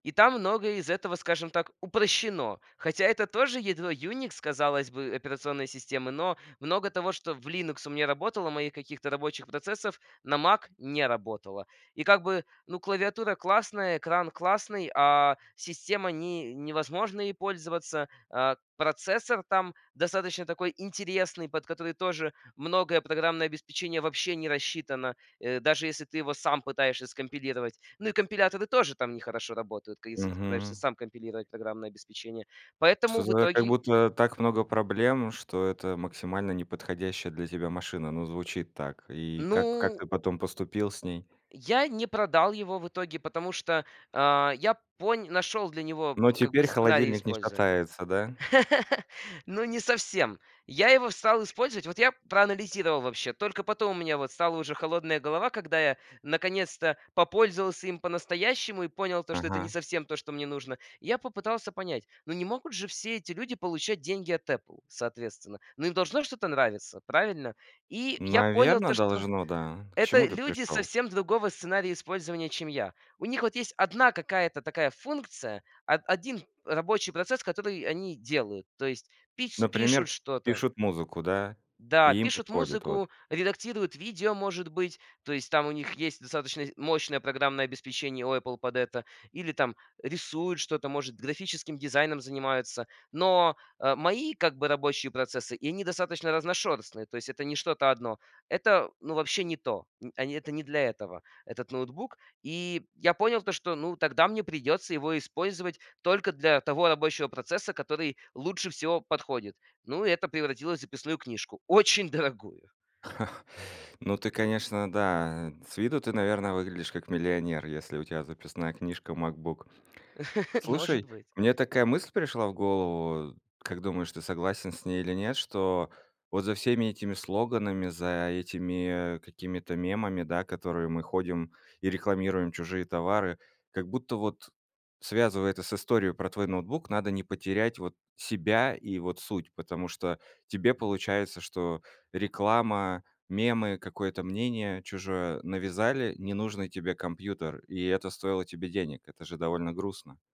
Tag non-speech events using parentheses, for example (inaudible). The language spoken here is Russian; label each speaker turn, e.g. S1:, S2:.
S1: И там многое из этого, скажем так, упрощено. Хотя это тоже ядро Unix, казалось бы, операционной системы. Но много того, что в Linux у меня работало, моих каких-то рабочих процессов на Mac не работало. И как бы, ну, клавиатура классная, экран классный, а система- не невозможно ей пользоваться, э, процессор там достаточно такой интересный, под который тоже многое программное обеспечение вообще не рассчитано, э, даже если ты его сам пытаешься скомпилировать. Ну и компиляторы тоже там не хорошо работают, ка если ты пытаешься
S2: Мгм.
S1: сам компилировать программное обеспечение.
S2: Просто
S1: Поэтому в
S2: зная, как
S1: итоге
S2: будто так много проблем, что это максимально не подходящая для тебя машина. Ну, звучит так. И как как
S1: Ну
S2: ты потом поступил с ней?
S1: Я не продал его в итоге, потому что, э, я понь нашел для него
S2: Но
S1: как бы
S2: теперь
S1: сценарий
S2: холодильник не
S1: использования.
S2: шатается, да?
S1: (laughs) Ну, не совсем. Я его стал использовать. Вот я проанализировал вообще. Только потом у меня вот стала уже холодная голова, когда я наконец-то попользовался им по-настоящему и понял то, что это не
S2: Ага.
S1: совсем то, что мне нужно. Я попытался понять, ну не могут же все эти люди получать деньги от Apple, соответственно. Но им должно что-то нравиться, правильно? И я понял
S2: Наверно,
S1: то, что
S2: должно, да. К
S1: это
S2: чему ты
S1: люди
S2: пришёл?
S1: совсем другого сценария использования, чем я. У них вот есть одна какая-то такая функция, о один рабочий процесс, который они делают, то есть пич пишут
S2: Например,
S1: что-то.
S2: пишут музыку, да,
S1: Да,
S2: и им
S1: пишут
S2: подходит вот.
S1: музыку, редактируют видео, может быть, то есть там у них есть достаточно мощное программное обеспечение у Apple под это. Или там рисуют что-то, может, графическим дизайном занимаются. Но, э, мои, как бы, рабочие процессы, и они достаточно разношерстные, то есть это не что-то одно. Это, ну, вообще не то. Н они это не для этого этот ноутбук. И я понял то, что, ну, тогда мне придется его использовать только для того рабочего процесса, который лучше всего подходит. Ну, и это превратилось в записную книжку. Очень дорогую.
S2: (chuckles) Ну, ты, конечно, да, с виду ты, наверно, выглядишь как миллионер, если у тебя записная книжка MacBook.
S1: (laughs) Может
S2: Слушай,
S1: быть.
S2: мне такая мысль пришла в голову. Как думаешь, ты согласен с ней или нет, что вот за всеми этими слоганами, за этими какими-то мемами, да, которые мы ходим и рекламируем чужие товары, как будто вот, связывая это с историей про твой ноутбук, надо не потерять вот себя и вот суть. Потому что тебе получается, что реклама, мемы, какое-то мнение чужое навязали ненужный тебе компьютер, и это стоило тебе денег. Это же довольно грустно.